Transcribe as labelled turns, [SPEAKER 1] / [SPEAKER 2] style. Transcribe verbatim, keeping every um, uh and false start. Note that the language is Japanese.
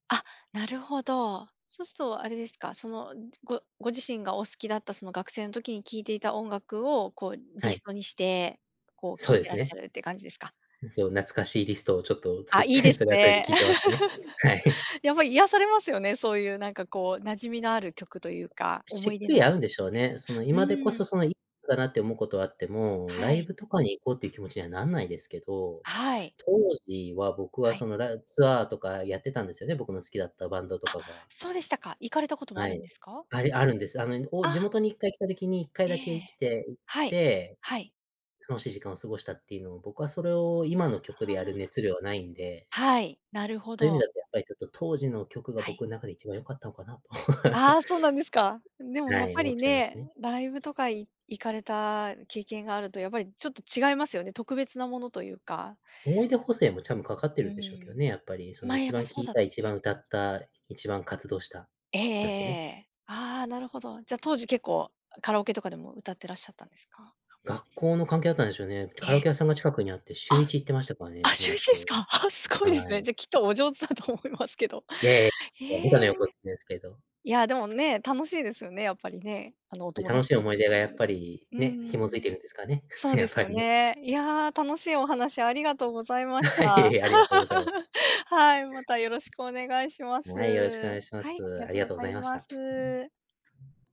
[SPEAKER 1] あ、なるほど。そうすとあれですか、その、ごご自身がお好きだった、その学生の時に聴いていた音楽を、こうリ
[SPEAKER 2] は
[SPEAKER 1] ス
[SPEAKER 2] い。
[SPEAKER 1] トにして、こう
[SPEAKER 2] そ
[SPEAKER 1] 聴
[SPEAKER 2] う
[SPEAKER 1] い
[SPEAKER 2] で
[SPEAKER 1] て
[SPEAKER 2] す
[SPEAKER 1] らっし
[SPEAKER 2] ね。
[SPEAKER 1] ゃるって感じですか？
[SPEAKER 2] そう、懐かしいリストをちょっと作
[SPEAKER 1] あ、
[SPEAKER 2] っ
[SPEAKER 1] いい
[SPEAKER 2] て、
[SPEAKER 1] です
[SPEAKER 2] それはそれで
[SPEAKER 1] ね。
[SPEAKER 2] 聴いてますね、はい。
[SPEAKER 1] やっぱ癒
[SPEAKER 2] [unintelligible]
[SPEAKER 1] されますよね、そういうなんかこう、馴染みのある曲というか、思
[SPEAKER 2] し
[SPEAKER 1] い
[SPEAKER 2] っ
[SPEAKER 1] 出
[SPEAKER 2] くり
[SPEAKER 1] の曲、
[SPEAKER 2] 合うんでしょうね、その
[SPEAKER 1] う
[SPEAKER 2] 今でこ
[SPEAKER 1] ー
[SPEAKER 2] そ、
[SPEAKER 1] ん。
[SPEAKER 2] そのいかなって思うことはあっても、ラ
[SPEAKER 1] は
[SPEAKER 2] イ
[SPEAKER 1] い。
[SPEAKER 2] ブとかに行こうっていう気持ちにはなんないですけど。
[SPEAKER 1] はい。
[SPEAKER 2] 当時は、僕
[SPEAKER 1] は
[SPEAKER 2] は
[SPEAKER 1] い。
[SPEAKER 2] その、らツアーとかやってたんですよね、僕の好きだったバンドと
[SPEAKER 1] あ、
[SPEAKER 2] かが。
[SPEAKER 1] そうでしたか。行かれたこともあ
[SPEAKER 2] は
[SPEAKER 1] るん
[SPEAKER 2] い、
[SPEAKER 1] ですか？
[SPEAKER 2] ありあるんです。あの、いぬお地
[SPEAKER 1] あ。
[SPEAKER 2] 元にいっかい来た時に、いっかい
[SPEAKER 1] え
[SPEAKER 2] だけいき
[SPEAKER 1] え。
[SPEAKER 2] て行っ
[SPEAKER 1] はい。
[SPEAKER 2] て、
[SPEAKER 1] はい。
[SPEAKER 2] 楽しい時間を過ごしたっていうのを、僕はそれを、今の曲
[SPEAKER 1] あ、
[SPEAKER 2] で
[SPEAKER 1] は
[SPEAKER 2] やる
[SPEAKER 1] あ。
[SPEAKER 2] 熱量はないんで。
[SPEAKER 1] はい、なるほ
[SPEAKER 2] そういう意味
[SPEAKER 1] ど。
[SPEAKER 2] だと、やっぱりちょっと当時の曲が、
[SPEAKER 1] はい。
[SPEAKER 2] 僕ん中で一番良かったのかなと。
[SPEAKER 1] ああ、そうなんですか。で
[SPEAKER 2] う
[SPEAKER 1] も
[SPEAKER 2] ん、
[SPEAKER 1] や
[SPEAKER 2] は
[SPEAKER 1] っ
[SPEAKER 2] い、
[SPEAKER 1] ぱ
[SPEAKER 2] 思っ
[SPEAKER 1] り
[SPEAKER 2] ちゃいます
[SPEAKER 1] ね、
[SPEAKER 2] ね。
[SPEAKER 1] ライブとか、い行かれた経験があると、やっぱりちょっと違いますよね、特別なものというか。
[SPEAKER 2] 思い出補正も、ちゃんとかかっ
[SPEAKER 1] う
[SPEAKER 2] てるんでしょうけ
[SPEAKER 1] ー
[SPEAKER 2] ど
[SPEAKER 1] ん。
[SPEAKER 2] ね。やっぱり、その
[SPEAKER 1] ま、や
[SPEAKER 2] 一
[SPEAKER 1] っぱ
[SPEAKER 2] 番聴
[SPEAKER 1] そう
[SPEAKER 2] い
[SPEAKER 1] だ
[SPEAKER 2] た、
[SPEAKER 1] と思
[SPEAKER 2] 一
[SPEAKER 1] い
[SPEAKER 2] 番歌
[SPEAKER 1] ます。
[SPEAKER 2] った、一番活動した、
[SPEAKER 1] ええええ
[SPEAKER 2] なんてね。
[SPEAKER 1] ええ。ああ、なるほど。じゃ、当時結構、あ、カラオケとかでも歌ってらっしゃったんですか？
[SPEAKER 2] 学校の関係だったんでしょうね、カラ
[SPEAKER 1] え！
[SPEAKER 2] オケ屋さんが近くにあって、しゅ
[SPEAKER 1] あ
[SPEAKER 2] う
[SPEAKER 1] っ、
[SPEAKER 2] いち行ってましたから
[SPEAKER 1] あ、
[SPEAKER 2] ね、
[SPEAKER 1] し
[SPEAKER 2] 友
[SPEAKER 1] ゅうい
[SPEAKER 2] 達
[SPEAKER 1] ちです
[SPEAKER 2] と、
[SPEAKER 1] か。ああ、すご
[SPEAKER 2] は
[SPEAKER 1] いですね。
[SPEAKER 2] い。
[SPEAKER 1] じゃあ、きっとお上手だと思いますけど。
[SPEAKER 2] いやいや、はぼかの
[SPEAKER 1] ええ。
[SPEAKER 2] 横ですけど。
[SPEAKER 1] いや、でもね、楽しいですよね、やっぱりね、あの、お
[SPEAKER 2] ぱり、
[SPEAKER 1] 友
[SPEAKER 2] 楽
[SPEAKER 1] 達
[SPEAKER 2] しい
[SPEAKER 1] と一
[SPEAKER 2] 思い
[SPEAKER 1] 緒
[SPEAKER 2] 出がやっぱ
[SPEAKER 1] に。
[SPEAKER 2] り、
[SPEAKER 1] う
[SPEAKER 2] ね、
[SPEAKER 1] ん
[SPEAKER 2] 紐
[SPEAKER 1] う
[SPEAKER 2] づい
[SPEAKER 1] ん。
[SPEAKER 2] てるんですかね、
[SPEAKER 1] そう
[SPEAKER 2] や
[SPEAKER 1] で
[SPEAKER 2] っ
[SPEAKER 1] す
[SPEAKER 2] ぱ
[SPEAKER 1] よ
[SPEAKER 2] り。
[SPEAKER 1] ね。いや、楽しいお話ありがとうございまし
[SPEAKER 2] はい、いえ
[SPEAKER 1] た。
[SPEAKER 2] いえ、ありがとうございます。
[SPEAKER 1] はい、またよろしくお願いします。
[SPEAKER 2] はい、よろしくお願いしま
[SPEAKER 1] はい、あり
[SPEAKER 2] す。
[SPEAKER 1] が
[SPEAKER 2] あ
[SPEAKER 1] と
[SPEAKER 2] り
[SPEAKER 1] う
[SPEAKER 2] が
[SPEAKER 1] ご
[SPEAKER 2] とうご
[SPEAKER 1] ざ
[SPEAKER 2] ざい
[SPEAKER 1] い
[SPEAKER 2] まし
[SPEAKER 1] ま
[SPEAKER 2] た。
[SPEAKER 1] す。